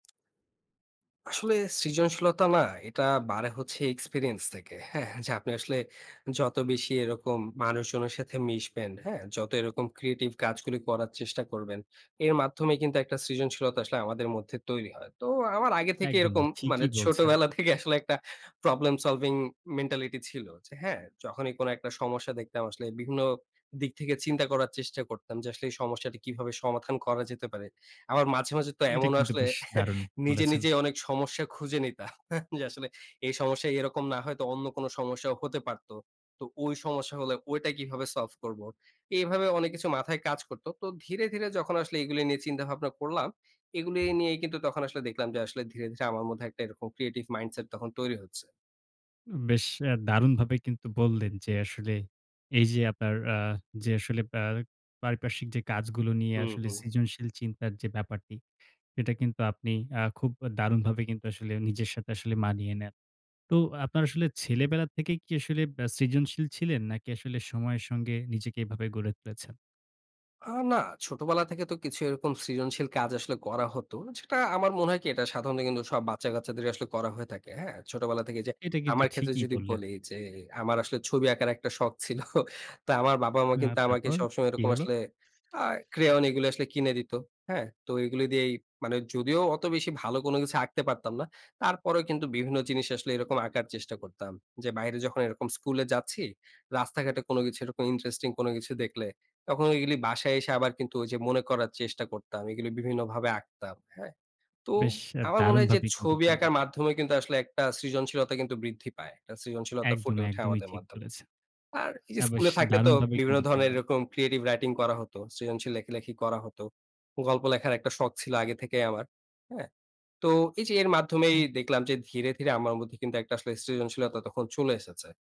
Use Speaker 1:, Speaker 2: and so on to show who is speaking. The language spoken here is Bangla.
Speaker 1: আসলে সৃজনশীলতা না, এটা বাড়ে হচ্ছে এক্সপেরিয়েন্স থেকে, হ্যাঁ? যে আপনি আসলে যত বেশি এরকম মানুষজনের সাথে মিশবেন, হ্যাঁ? যত এরকম ক্রিয়েটিভ কাজগুলি করার চেষ্টা করবেন, এর মাধ্যমেই কিন্তু একটা সৃজনশীলতা আসলে আমাদের মধ্যে তৈরি হয়। তো আমার আগে থেকেই
Speaker 2: একদমই
Speaker 1: এরকম, মানে
Speaker 2: ঠিকই বলছেন।
Speaker 1: ছোটবেলা থেকে আসলে একটা প্রবলেম সলভিং মেন্টালিটি ছিল। যে হ্যাঁ, যখনই কোনো একটা সমস্যা দেখতাম, আসলে বিভিন্ন দিক থেকে চিন্তা করার চেষ্টা করতাম যে আসলে এই সমস্যাটা কিভাবে সমাধান করা যেতে পারে? আবার মাঝে, মাঝে তো
Speaker 2: এটা
Speaker 1: এমন
Speaker 2: কিন্তু
Speaker 1: আসলে
Speaker 2: বেশ দারুণ
Speaker 1: নিজে,
Speaker 2: বলেছেন।
Speaker 1: নিজেই অনেক সমস্যা খুঁজে নিতাম। যে আসলে এই সমস্যায় এরকম না হয়েতো অন্য কোনো সমস্যাও হতে পারত। তো অই সমস্যা হলে ওইটা কিভাবে সলভ করব? এভাবে অনেক কিছু মাথায় কাজ করত। তো ধীরে, ধীরে যখন আসলে এগুলি নিয়ে চিন্তা ভাবনা করলাম, এগুলি নিয়েই কিন্তু তখন আসলে দেখলাম যে আসলে ধীরে, ধীরে আমার মধ্যে একটা এরকম ক্রিয়েটিভ মাইন্ডসেট তখন তৈরি হচ্ছে।
Speaker 2: উম বেশ অ্যা দারুণভাবেই কিন্তু বললেন যে, আসলে এই যে আপনার আ যে আসলে অ্যা পারিপার্শ্বিক যে কাজগুলো নিয়ে
Speaker 1: হুম,
Speaker 2: আসলে
Speaker 1: হুম।
Speaker 2: সৃজনশীল চিন্তার যে ব্যাপারটি, সেটা কিন্তু আপনি আ খুব দারুণভাবে কিন্তু আসলে নিজের সাথে আসলে মানিয়ে নেন। তো আপনার আসলে ছেলেবেলার থেকেই কি আসলে আ সৃজনশীল ছিলেন? নাকি আসলে সময়ের সঙ্গে নিজেকে এভাবে গড়ে তুলেছেন?
Speaker 1: আ না, ছোটবেলা থেকে তো কিছু এরকম সৃজনশীল কাজ আসলে করা হত। যেটা আমার মনে হয় কি, এটা সাধারণত কিন্তু সব বাচ্চা-গাচ্চাদেরই আসলে করা হয়ে থাকে, হ্যাঁ? ছোটবেলা থেকে যে
Speaker 2: এটা কিন্তু
Speaker 1: আমার ক্ষেত্রে
Speaker 2: ঠিকই
Speaker 1: যদি
Speaker 2: বললেন।
Speaker 1: বলি, যে আমার আসলে ছবি আঁকার একটা শখ ছিল। তো আমার বাবা মা
Speaker 2: আ
Speaker 1: কিন্তু আমাকে
Speaker 2: তারপর
Speaker 1: সবসময়
Speaker 2: কি
Speaker 1: এরকম
Speaker 2: হলো?
Speaker 1: আসলে আ crayon এগুলো আসলে কিনে দিত, হ্যাঁ? তো এগুলি দিয়েই, মানে যদিও অত বেশি ভালো কোনো কিছু আঁকতে পারতাম না, তারপরেও কিন্তু বিভিন্ন জিনিস আসলে এরকম আঁকার চেষ্টা করতাম। যে বাইরে যখন এরকম স্কুলে যাচ্ছি, রাস্তাঘাটে কোনো কিছু এরকম ইন্টারেস্টিং কোনো কিছু দেখলে, তখন এইগুলি বাসায় এসে আবার কিন্তু ওইযে মনে করার চেষ্টা করতাম। এগুলি বিভিন্নভাবে আঁকতাম, হ্যাঁ? তো
Speaker 2: বেশ আ
Speaker 1: আমার মনে হয় যে,
Speaker 2: দারুণভাবেই কিন্তু
Speaker 1: ছবি
Speaker 2: বললেন।
Speaker 1: আঁকার মাধ্যমে কিন্তু আসলে একটা সৃজনশীলতা কিন্তু বৃদ্ধি পায়। একটা সৃজনশীলতা
Speaker 2: একদম,
Speaker 1: ফুটে ওঠে
Speaker 2: একদমই
Speaker 1: আমাদের
Speaker 2: ঠিক
Speaker 1: মাধ্যমে।
Speaker 2: বলেছে।
Speaker 1: আর এই যে
Speaker 2: আ বেশ
Speaker 1: স্কুলে থাকলে তো
Speaker 2: দারুণভাবে
Speaker 1: বিভিন্ন
Speaker 2: কিন্তু
Speaker 1: ধরনের
Speaker 2: বললেন।
Speaker 1: এরকম ক্রিয়েটিভ রাইটিং করা হতো, সৃজনশীল লেখালেখি করা হত। গল্প লেখার একটা শখ ছিল আগে থেকেই আমার, হ্যাঁ? তো, এই যে এর মাধ্যমেই দেখলাম যে ধীরে, ধীরে আমার মধ্যে কিন্তু একটা আসলে সৃজনশীলতা তখন চলে এসেছে।